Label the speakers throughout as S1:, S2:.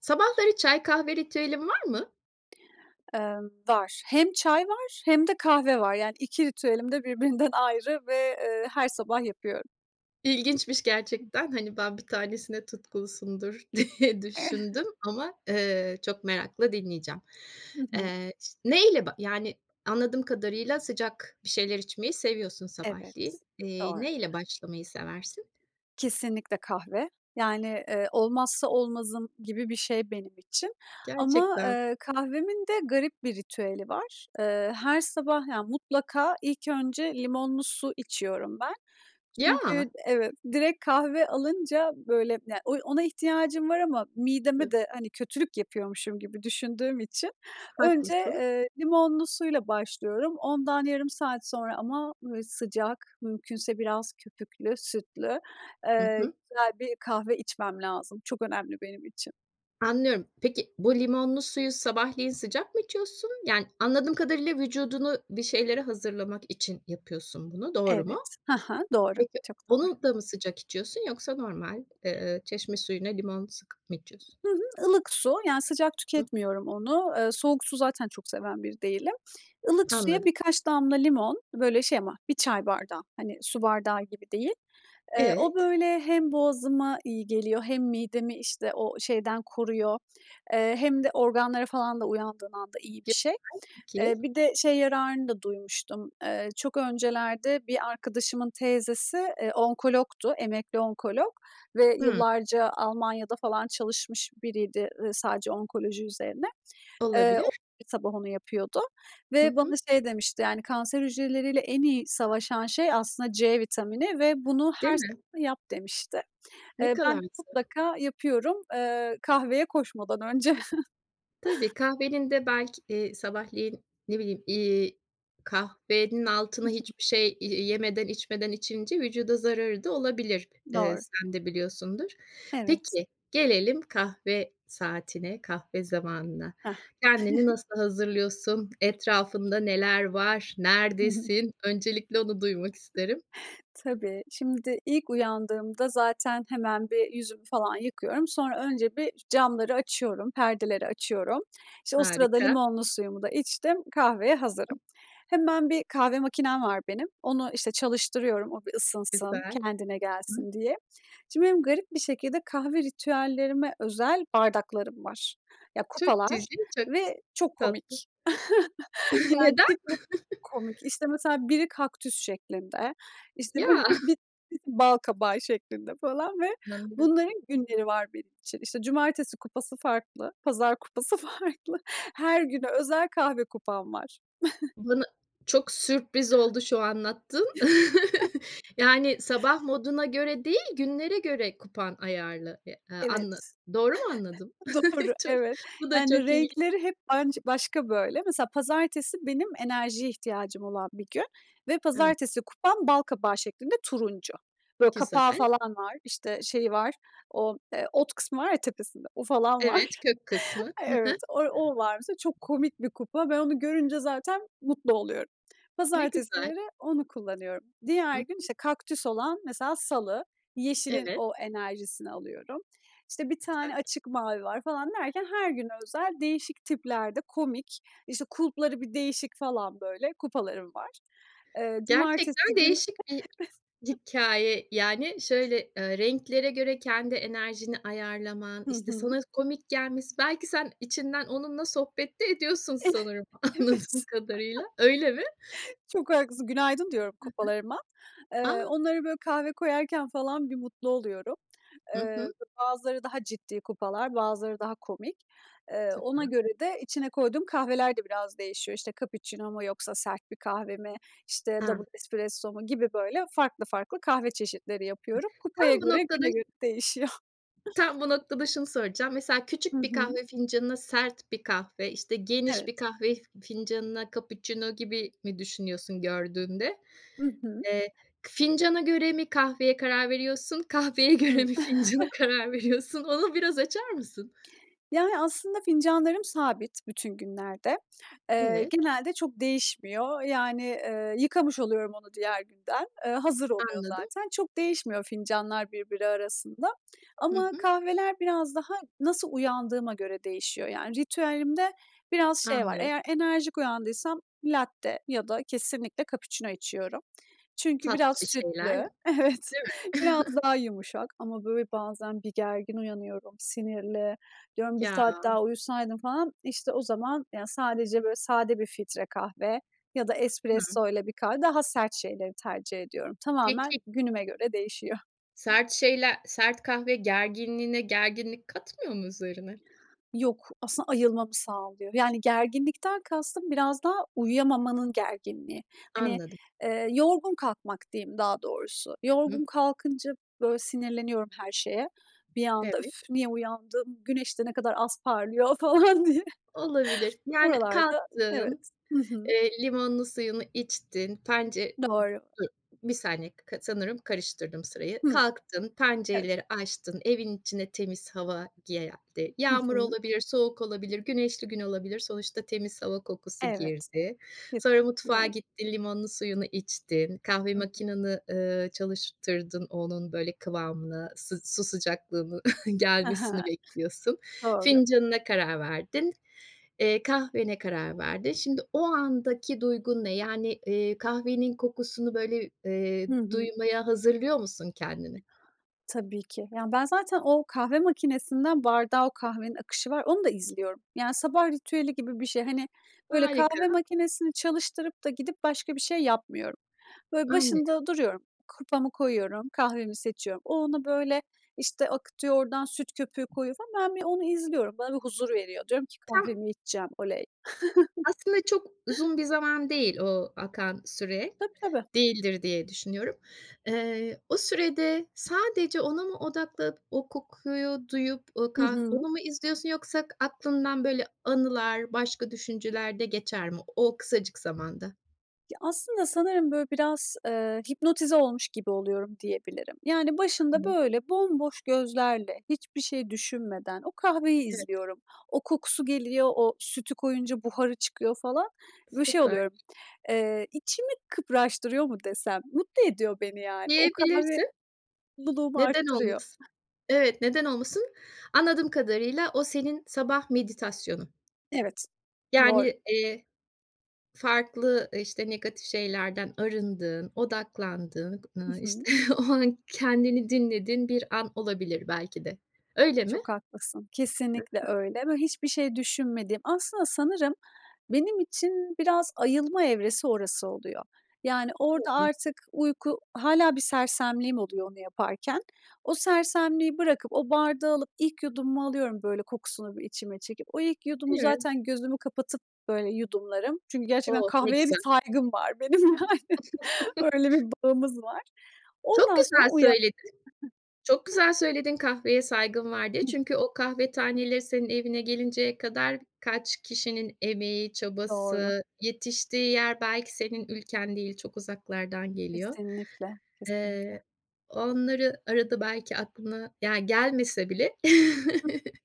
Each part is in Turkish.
S1: Sabahları çay, kahve ritüelin var mı?
S2: Iıı, var. Hem çay var hem de kahve var yani 2 ritüelim de birbirinden ayrı ve, ııı, her sabah yapıyorum.
S1: İlginçmiş gerçekten. Hani ben 1 tanesine tutkunsundur diye düşündüm ama, ııı, çok merakla dinleyeceğim.
S2: Hı hı.
S1: Iıı, ş neyle? Yani anladığım kadarıyla sıcak bir şeyler içmeyi seviyorsun sabahleyin.
S2: Evet.
S1: Eee,
S2: Doğru.
S1: neyle başlamayı seversin?
S2: Kesinlikle kahve yani, ııı, olmazsa olmazım gibi bir şey benim için ama,
S1: Gerçekten.
S2: eee, kahvemin de garip bir ritüeli var. Iıı, her sabah yani mutlaka ilk önce limonlu su içiyorum ben çünkü
S1: Ya.
S2: evet, direkt kahve alınca böyle yani o ona ihtiyacım var ama mideme
S1: [unintelligible]
S2: de hani kötülük yapıyormuşum gibi düşündüğüm için önce,
S1: Haklısın.
S2: ııı, limonlu suyla başlıyorum. Ondan yarım saat sonra ama sıcak, mümkünse biraz köpüklü sütlü,
S1: Hı
S2: ııı,
S1: hı.
S2: güzel bir kahve içmem lazım. Çok önemli benim için.
S1: Anlıyorum. Peki, bu limonlu suyu sabahleyin sıcak mı içiyorsun? Yani anladığım kadarıyla vücudunu bir şeylere hazırlamak için yapıyorsun bunu. Doğru mu?
S2: Evet, hı hı, doğru,
S1: Peki,
S2: çok doğru.
S1: onu da mı sıcak içiyorsun yoksa normal, ııı, çeşme suyuna limon sıkıp mı içiyorsun?
S2: Hı hı, ılık su yani sıcak
S1: Hıı.
S2: tüketmiyorum onu. Iıı, soğuk su zaten çok seven bir değilim. Ilık suya
S1: Anladım.
S2: birkaç damla limon böyle şey ama 1 çay bardağı hani su bardağı gibi değil. Iıı, o
S1: Evet.
S2: böyle hem boğazıma iyi geliyor hem midemi işte o şeyden koruyor, ııı, hem de organlara falan da uyandığın anda iyi bir şey. Eee,
S1: [unintelligible]
S2: bir de şey yararını da duymuştum. Iıı, çok öncelerde bir arkadaşımın teyzesi, ııı, onkologdu, emekli onkolog ve
S1: Hıı.
S2: yillarca Almanya'da falan çalışmış biriydi, ııı, sadece onkoloji üzerine. Iıı, o
S1: Olabilir.
S2: yüzden sabah onu yapıyordu
S1: Hı
S2: ve bana
S1: hı.
S2: şey demişti yani kanser hücreleriyle en iyi savaşan şey aslında C vitamini ve bunu
S1: Değil
S2: her
S1: mi?
S2: sabah yap demişti.
S1: Ne
S2: Eee,
S1: kadar
S2: ben de
S1: mesela?
S2: mutlaka yapıyorum, ııı, kahveye koşmadan önce.
S1: Tabii. Kahvenin de belki, ııı, sabahleyin, ne bileyim, iii, kahvenin
S2: I
S1: altına
S2: hı.
S1: hiçbir şey y yemeden içmeden içince vücuda zararı da olabilir. Iıı,
S2: Doğru.
S1: sen de biliyorsundur.
S2: Evet.
S1: Peki, gelelim kahve saatine, kahve zamanına.
S2: Hah.
S1: Kendini nasıl hazırlıyorsun? Etrafında neler var nerdesin? Öncelikle onu duymak isterim.
S2: Tabii, şimdi ilk uyandığımda zaten hemen bir yüzümü falan yıkıyorum. Sonra önce bir camları açıyorum, perdeleri açıyorum. İşte o sırada
S1: Harika.
S2: limonlu suyumu da içtim, kahveye hazırım. Hemen bir kahve makinem var benim. Onu işte çalıştırıyorum o bir ısınsın,
S1: Güzel.
S2: kendine gelsin diye. Şimdi benim garip bir şekilde kahve ritüellerime özel bardaklarım var. Ya
S1: Çok
S2: kupalar
S1: cici, çok ç
S2: ve çok
S1: tatlı.
S2: komik. Yani
S1: Neden?
S2: tipi komik. İşte mesela biri kaktüs şeklinde, işte
S1: Ya.
S2: birisi bi balkabağı şeklinde falan ve
S1: Hı hı.
S2: bunların günleri var benim için. İşte cumartesi kupası farklı, pazar kupası farklı. Her güne özel kahve kupam var.
S1: Bana çok sürpriz oldu şu anlattığın. Yani sabah moduna göre değil, günlere göre kupan ayarlı, ııı, a anla
S2: Evet.
S1: doğru mu anladım?
S2: Doğru,
S1: Ço
S2: evet.
S1: bu da
S2: Yani
S1: çok ilgi
S2: renkleri hep anç başka böyle. Mesela pazartesi benim enerjiye ihtiyacım olan bir gün. Ve
S1: An
S2: pazartesi kupam bal kabağı şeklinde turuncu. Böyle
S1: Güzel.
S2: kapağı falan var, işte şeyi var, o ot kısmı var ya tepesinde. O falan var.
S1: Evet, kök kısmı. Hı
S2: Evet,
S1: hı.
S2: o o var mesela çok komik bir kupa. Ben onu görünce zaten mutlu oluyorum.
S1: Ne güzel.
S2: Pazartesileri onu kullanıyorum.
S1: Hı
S2: Diğer
S1: hı.
S2: gün, işte kaktüs olan mesela salı, yeşilin
S1: Evet.
S2: o enerjisini alıyorum. İşte 1
S1: Güzel.
S2: tane açık mavi var falan derken her güne özel değişik tiplerde komik, işte kulpları bir değişik falan böyle, kupalarım var. Iıı, cumartesi
S1: Gerçekten
S2: günü.
S1: değişik bir hikâye yani şöyle, ııı renklere göre kendi enerjini ayarlaman,
S2: Hı
S1: işte
S2: hı.
S1: sana komik gelmesi, belki sen içinden onunla sohbet de ediyorsun
S2: Evet.
S1: sanırım anladığım kadarıyla, öyle mi?
S2: Çok haklısın, günaydın diyorum
S1: Hı hı.
S2: kupalarıma. Iıı,
S1: A.
S2: onlara böyle kahve koyarken falan bir mutlu oluyorum.
S1: Hı
S2: Iıı,
S1: hı.
S2: bazıları daha ciddi kupalar, bazıları daha komik. Iıı, ona
S1: Süper.
S2: göre de içine koyduğum kahveler de biraz değişiyor. İşte cappuccino mu yoksa sert bir kahve mi, İşte
S1: A.
S2: double espresso mu gibi böyle farklı farklı kahve çeşitleri yapıyorum.
S1: Tam
S2: Kupaya
S1: bu
S2: göre
S1: noktada
S2: güne
S1: ş
S2: göre değişiyor.
S1: Tam bu noktada şunu soracağım. Mesela
S2: Hı
S1: küçük bir
S2: hı.
S1: kahve fincanına sert bir kahve, işte geniş
S2: Evet.
S1: bir kahve fincanına cappuccino gibi mi düşünüyorsun gördüğünde?
S2: Hı hı.
S1: Eee, k fincana göre mi kahveye karar veriyorsun kahveye göre
S2: Hıı.
S1: mi fincana karar veriyorsun? Onu biraz açar mısın?
S2: Yani aslında fincanlarım sabit bütün günlerde. Eee,
S1: Evet.
S2: genelde çok değişmiyor. Yani, ııı, yıkamış oluyorum onu diğer günden. Iıı, hazır oluyor
S1: Anladım.
S2: zaten. Çok değişmiyor fincanlar birbiri arasında.
S1: Hı
S2: Ama
S1: hı.
S2: kahveler biraz daha nasıl uyandığıma göre değişiyor. Yani ritüelimde biraz şey var
S1: Anlıyorum.
S2: eğer enerjik uyandıysam latte ya da kesinlikle cappuccino içiyorum. Çünkü biraz
S1: Tatlı bir şeyler.
S2: sütlü evet
S1: Değil mi?
S2: biraz daha yumuşak. Ama böyle bazen bir gergin uyanıyorum, sinirli diyorum 1
S1: Ya.
S2: saat daha uyusaydım falan. İşte o zaman yani sadece böyle sade bir filtre kahve ya da
S1: Hıı.
S2: espressoyla bir kahve daha sert şeyleri tercih ediyorum. Tamamen
S1: Peki.
S2: günüme göre değişiyor.
S1: Sert şeyler, sert kahve gerginliğine gerginlik katmıyor mu üzerine?
S2: Yok aslında ayılmamı sağlıyor? Yani gerginlikten kastım biraz daha uyuyamamanın gerginliği. Hani,
S1: Anladım.
S2: ııı, yorgun kalkmak diyeyim daha doğrusu.
S1: Hı.
S2: Yorgun kalkınca böyle sinirleniyorum her şeye. Bir anda,
S1: Evet.
S2: öff, niye uyandım? Güneş de ne kadar az parlıyor falan diye
S1: Olabilir. Yani
S2: buralarda
S1: kalktın.
S2: evet. Hı hı.
S1: Iıı, limonlu suyunu içtin, pence
S2: Doğru.
S1: ı b 1 saniye k sanırım karıştırdım sırayı.
S2: Hıı.
S1: Kalktın,
S2: Evet.
S1: pencereleri açtın, evin içine temiz hava geldi,
S2: Hı
S1: yağmur
S2: hı.
S1: olabilir, soğuk olabilir, güneşli gün olabilir. Sonuçta temiz hava kokusu
S2: Evet.
S1: girdi. Sonra mutfağa
S2: Kesinlikle.
S1: gittin, limonlu suyunu içtin, kahve
S2: Hı hı.
S1: makineni, ııı, çalıştırdın onun böyle kıvamını s su sıcaklığını
S2: Hı hı.
S1: gelmesini bekliyorsun.
S2: Doğru.
S1: Fincanına karar verdin. Eee, kahvene karar verdin. Şimdi o andaki duygun ne? Yani, ııı, kahvenin kokusunu böyle, ııı,
S2: Hı hı.
S1: duymaya hazırlıyor musun kendini?
S2: Tabii ki, ya ben zaten o kahve makinesinden bardağa o kahvenin akışı var. Onu da izliyorum. Yani sabah ritüeli gibi bir şey hani böyle
S1: Harika.
S2: kahve makinesini çalıştırıp da gidip başka bir şey yapmıyorum. Böyle
S1: Anlıyorum.
S2: başında duruyorum. Kupamı koyuyorum, kahvemi seçiyorum, o ona böyle işte akıtıyor, oradan süt köpüğü koyuyor falan ben bir onu izliyorum, bana bir huzur veriyor, diyorum ki
S1: Tam
S2: "kahvemi içeceğim, oley."
S1: Aslında çok uzun bir zaman değil o akan süre.
S2: Tabii, tabii.
S1: Değildir diye düşünüyorum. Iıı, o sürede sadece ona mı odakla o kokuyu duyup o
S2: Hı
S1: kah
S2: hı.
S1: onu mu izliyorsun yoksa aklından böyle anılar başka düşünceler de geçer mi? O kısacık zamanda.
S2: Ya, aslında sanırım, böyle, biraz, eee, hipnotize olmuş gibi oluyorum, diyebilirim. Yani, başında,
S1: Evet.
S2: böyle, bomboş gözlerle, hiçbir şey düşünmeden o kahveyi
S1: Evet.
S2: izliyorum. O kokusu geliyor. O sütü koyunca buharı çıkıyor, falan. Böyle, şey
S1: Süper.
S2: oluyorum, eee, içimi kıpraştırıyor mu desem? Mutlu ediyor beni, yani. O kahve
S1: Diyebilirsin.
S2: mutluluğumu
S1: Neden
S2: arttırıyor.
S1: olmasın? Evet. Neden olmasın? Anladığım kadarıyla, o senin sabah meditasyonun.
S2: Evet, doğru.
S1: Yani, eee, farklı, ııı, işte, negatif şeylerden arındığın, odaklandığın, ııı,
S2: Hı hı.
S1: işte, o an kendini dinlediğin bir an olabilir belki de. Öyle mi?
S2: Çok haklısın.
S1: Hı
S2: Kesinlikle
S1: hı.
S2: öyle ve hiçbir şey düşünmediğim. Aslında sanırım benim için biraz ayılma evresi orası oluyor. Yani, orada
S1: [unintelligible]
S2: artık uyku, hâlâ bir sersemliğim oluyor onu yaparken. O sersemliği bırakıp o bardağı alıp ilk yudumumu alıyorum, böyle, kokusunu bir içime çekip. O ilk yudumu
S1: Değil mi?
S2: zaten gözümü kapatıp, böyle, yudumlarım. Çünkü gerçekten
S1: Oh, ne
S2: kahveye bir
S1: güzel.
S2: saygım var benim, yani. Öyle bir bağımız var.
S1: Çok
S2: Ondan sonra
S1: güzel
S2: uyan
S1: söyledin. Çok güzel söyledin, kahveye saygım var diye.
S2: Hıh.
S1: Çünkü o kahve taneleri senin evine gelinceye kadar kaç kişinin emeği,
S2: Doğru.
S1: çabası, yetiştiği yer, belki senin ülken değil, çok uzaklardan geliyor.
S2: Kesinlikle, kesinlikle.
S1: Eee, onları arada belki aklına, yani, gelmese bile
S2: Hıh.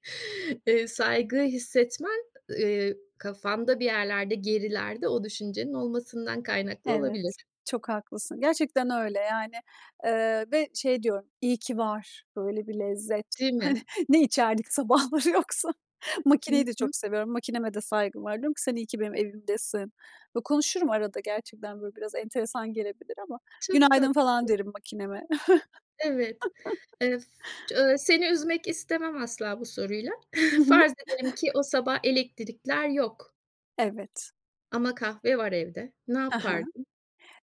S1: eee, saygıyı hissetmen, eee, kafanda bir yerlerde, gerilerde o düşüncenin olmasından kaynaklı
S2: Evet,
S1: olabilir.
S2: çok haklısın, gerçekten öyle. Yani, eee, ve şey diyorum, iyi ki var böyle bir lezzet.
S1: Değil
S2: Hani,
S1: mi?
S2: ne içerdik sabahları yoksa?
S1: Hı
S2: Makineyi de
S1: hı.
S2: çok seviyorum, makineme de saygım var. Diyorum ki, “Sen iyi ki benim evimdesin.” Konuşurum arada gerçekten, böyle, biraz enteresan gelebilir ama.
S1: Çok
S2: “Günaydın,” falan
S1: tatlısın.
S2: derim makineme.
S1: Evet. Eee, s seni üzmek istemem asla bu soruyla.
S2: Hı hı.
S1: Farz edelim ki o sabah elektrikler yok
S2: Evet.
S1: ama kahve var evde. Ne
S2: Ha ha.
S1: yapardın?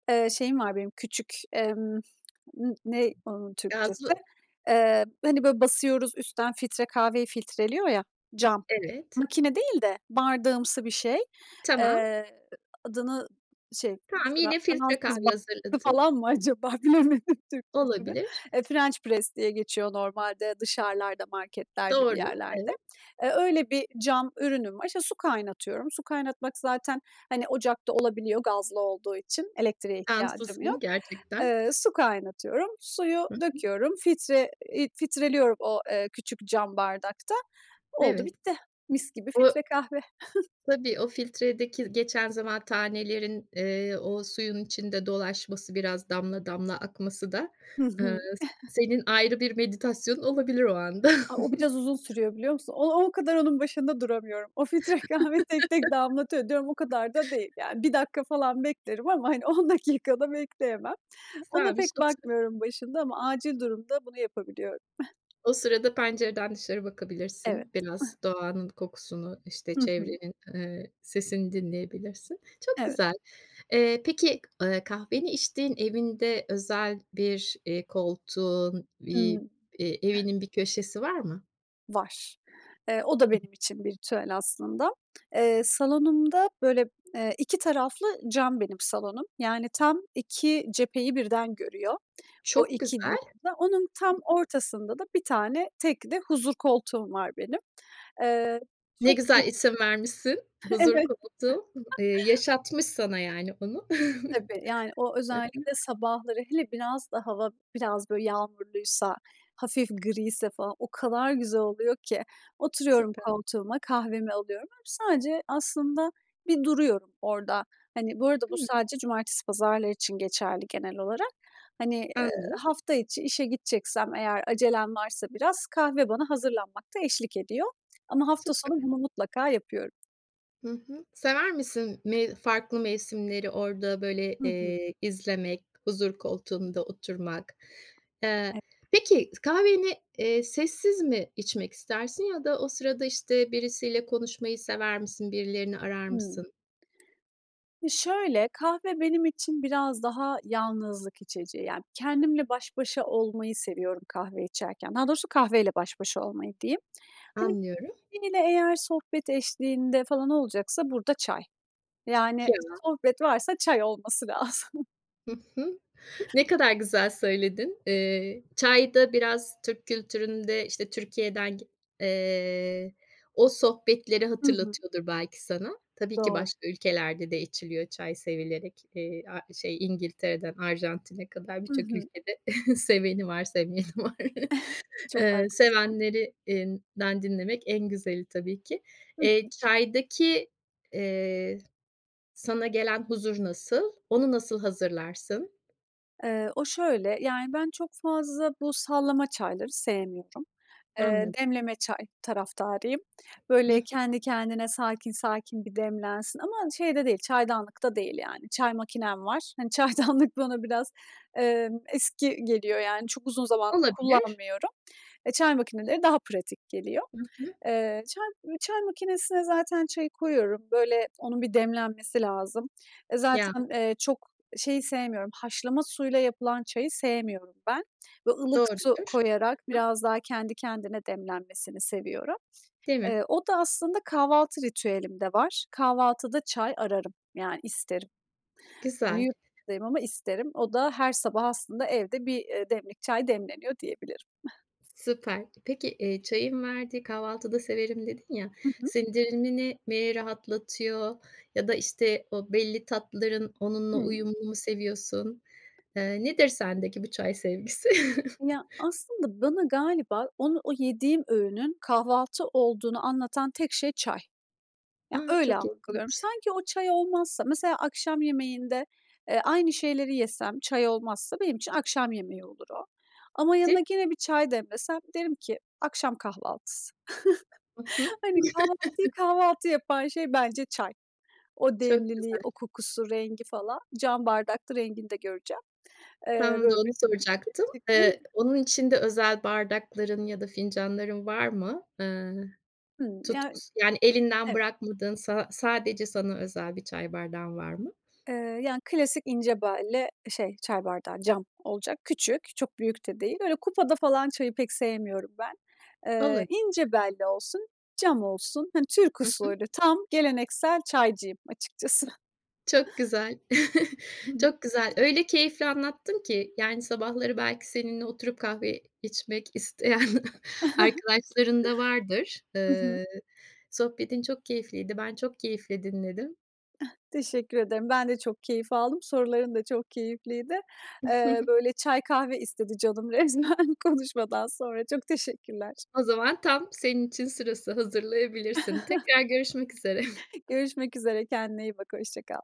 S2: Eee, şeyim var benim, küçük, emm, ııı, n ne onun Türkçesi?
S1: Gazlı
S2: Eee, hani, böyle, basıyoruz üstten, filtre kahveyi filtreliyor ya, cam,
S1: Evet.
S2: makine değil de bardağımsı bir şey.
S1: Tamam.
S2: Eee, adını, şey,
S1: Tamam.
S2: Fra
S1: Yine filtre
S2: fransız
S1: kahve
S2: bastı
S1: hazırladın.
S2: falan mı acaba, bilemedim Türkçesini.
S1: Olabilir.
S2: Eee, French press diye geçiyor normalde dışarılarda, marketlerde, bir
S1: Doğru.
S2: yerlerde.
S1: Evet.
S2: Eee, öyle bir cam ürünüm var. İşte, su kaynatıyorum. Su kaynatmak zaten, hani, ocakta olabiliyor, gazlı olduğu için elektriğe ihtiyacım
S1: Şanslısın,
S2: yok.
S1: gerçekten.
S2: Eee, su kaynatıyorum, suyu
S1: Hı hı.
S2: döküyorum, filtre eee, filtreliyorum o, eee, küçük cam bardakta. Oldu,
S1: Evet.
S2: bitti. Mis gibi
S1: O
S2: filtre kahve.
S1: Tabii, o filtredeki geçen zaman, tanelerin, eee, o suyun içinde dolaşması, biraz damla damla akması da,
S2: Hı
S1: ııı,
S2: hı.
S1: senin ayrı bir meditasyonun olabilir o anda.
S2: A, o biraz uzun sürüyor, biliyor musun? O o kadar onun başında duramıyorum. O filtre kahve tek tek damlatıyor, diyorum, o kadar da değil. Yani, 1 dakika falan beklerim ama, hani, 10 dakika da bekleyemem. Ona pek
S1: [unintelligible]
S2: bakmıyorum başında ama acil durumda bunu yapabiliyorum.
S1: O sırada pencereden dışarı
S2: Evet.
S1: bakabilirsin. Biraz doğanın kokusunu, işte,
S2: Hı hı.
S1: çevrenin, eee, sesini dinleyebilirsin. Çok
S2: Evet.
S1: güzel. Eee, peki, eee, kahveni içtiğin evinde özel bir, eee, koltuğun, bir,
S2: Hımm.
S1: eee, evinin bir köşesi var mı?
S2: Var. Eee, o da benim için bir ritüel aslında. Eee, salonumda, böyle, eee, iki taraflı cam benim salonum. Yani, tam iki cepheyi birden görüyor. O
S1: Çok
S2: iki. [unintelligible]
S1: güzel.
S2: Onun tam
S1: Hı hı.
S2: ortasında da bir tane tekli huzur koltuğum var benim. Eee,
S1: Ne
S2: çok. [unintelligible]
S1: güzel isim vermişsin. Huzur
S2: Evet.
S1: koltuğu. Eee, yaşatmış sana, yani, onu.
S2: Tabii, yani, o
S1: Hı hı.
S2: özellikle sabahları, hele biraz da hava biraz, böyle, yağmurluysa, hafif griyse falan, o kadar güzel oluyor ki. Oturuyorum
S1: Süper.
S2: koltuğuma, kahvemi alıyorum, böyle, sadece aslında bir duruyorum orada. Hani, bu arada bu
S1: Hıı.
S2: sadece cumartesi pazarlar için geçerli genel olarak. Hani, eee,
S1: Anladım.
S2: hafta içi işe gideceksem eğer acelem varsa biraz kahve bana hazırlanmakta eşlik ediyor. Ama hafta sonu
S1: Süper.
S2: bunu mutlaka yapıyorum.
S1: Hı hı. Sever misin me farklı mevsimleri orada, böyle,
S2: Hı hı.
S1: eee, izlemek, huzur koltuğunda oturmak?
S2: E
S1: Eee Peki kahveni, eee, sessiz mi içmek istersin ya da o sırada, işte, birisiyle konuşmayı sever misin? Birilerini arar
S2: Hımm.
S1: mısın?
S2: Şöyle, kahve benim için biraz daha yalnızlık içeceği, yani, kendimle baş başa olmayı seviyorum kahve içerken. Daha doğrusu kahveyle baş başa olmayı diyeyim. Hani,
S1: Anlıyorum.
S2: biriyle eğer sohbet eşliğinde falan olacaksa, burada çay. Yani,
S1: [unintelligible]
S2: sohbet varsa çay olması lazım.
S1: Hı hı. Ne kadar güzel söyledin. Eee, çay da biraz Türk kültüründe, işte, Türkiye'den gi eee, o sohbetleri
S2: Hı hı.
S1: hatırlatıyordur belki sana. Tabii ki
S2: Doğru.
S1: başka ülkelerde de içiliyor çay sevilerek. Eee, a şey İngiltere'den Arjantin'e kadar
S2: Hı
S1: birçok
S2: hı.
S1: ülkede seveni var, sevmeyeni var.
S2: Çok
S1: Eee,
S2: haklısın.
S1: sevenlerinden dinlemek en güzeli tabii ki.
S2: Hı
S1: Eee,
S2: hı.
S1: çaydaki, eee, sana gelen huzur nasıl? Onu nasıl hazırlarsın?
S2: Eee, o şöyle, yani, ben çok fazla bu sallama çayları sevmiyorum. Eee,
S1: Anlad
S2: demleme çay taraftarıyım.
S1: Hı
S2: Böyle,
S1: hı.
S2: kendi kendine, sakin sakin bir demlensin ama şey de değil, çaydanlıkta değil, yani, çay makinem var. Hani, çaydanlık bana biraz, emm, eski geliyor, yani, çok uzun zamandır
S1: Olabilir.
S2: kullanmıyorum. Eee, çay makineleri daha pratik geliyor.
S1: Hı hı.
S2: Eee, çay m çay makinesine zaten çayı koyuyorum, böyle, onun bir demlenmesi lazım. E,
S1: Ya.
S2: zaten, eee, çok şeyi sevmiyorum, haşlama suyla yapılan çayı sevmiyorum ben bö ılık
S1: Doğrudur.
S2: su
S1: Hı
S2: koyarak
S1: hı.
S2: biraz daha kendi kendine demlenmesini seviyorum.
S1: Değil mi?
S2: Eee, o da aslında kahvaltı ritüelimde var, kahvaltıda çay ararım, yani, isterim. Hani,
S1: Güzel.
S2: yurt dayım ama isterim. O da her sabah aslında evde bir, eee, demlik çay demleniyor diyebilirim.
S1: Süper. Peki, eee, çayın verdiği "Kahvaltıda severim." dedin ya.
S2: Hı hı.
S1: Sindirimini mi rahatlatıyor ya da, işte, o belli tatların onunla
S2: Hımm.
S1: uyumunu mu seviyorsun? Eee, nedir sendeki bu çay sevgisi?
S2: Ya, aslında bana galiba onu, o yediğim öğünün kahvaltı olduğunu anlatan tek şey çay. Ya,
S1: A!
S2: öyle
S1: Çok
S2: algılıyorum.
S1: ilginç.
S2: Sanki o çay olmazsa Mesela akşam yemeğinde, eee, aynı şeyleri yesem, çay olmazsa benim için akşam yemeği olur o. Ama
S1: Tip
S2: yanına gene bir çay demlesem, derim ki: "akşam kahvaltısı"
S1: I hı.
S2: Hani, kahvaltıyı kahvaltı yapan şey bence çay. O
S1: Çok
S2: demliliği,
S1: güzel.
S2: o kokusu, rengi falan, cam bardakta rengini de göreceğim. Eee,
S1: Tam da,
S2: böyle, bir.
S1: onu soracaktım. Eee,
S2: [unintelligible]
S1: onun için de özel bardakların ya da fincanların var mı? Eee,
S2: Hımm, yani
S1: tutkusu Yani, elinden
S2: Evet.
S1: bırakmadığın sa sadece sana özel bir çay bardağın var mı?
S2: Eee, yani, klasik, ince belli şey çay bardağı. Cam olacak, küçük, çok büyük de değil, böyle, kupada falan çayı pek sevmiyorum ben. Eee,
S1: Olabilir.
S2: ince belli olsun, cam olsun, hani, Türk
S1: Hı hı.
S2: usulü. Tam geleneksel çaycıyım açıkçası.
S1: Çok güzel.
S2: Hı hı.
S1: Çok güzel. Öyle keyifle anlattın ki, yani, sabahları belki seninle oturup kahve içmek isteyen arkadaşların da vardır.
S2: Hı hı.
S1: Iıı, sohbetin çok keyifliydi. Ben çok keyifle dinledim.
S2: Teşekkür ederim. Ben de çok keyif aldım. Soruların da çok keyifliydi. Eee, böyle, çay, kahve istedi canım resmen konuşmadan sonra. Çok teşekkürler.
S1: O zaman tam senin için sırası, hazırlayabilirsin. Tekrar görüşmek üzere.
S2: Görüşmek üzere, kendine iyi bak, hoşça kal.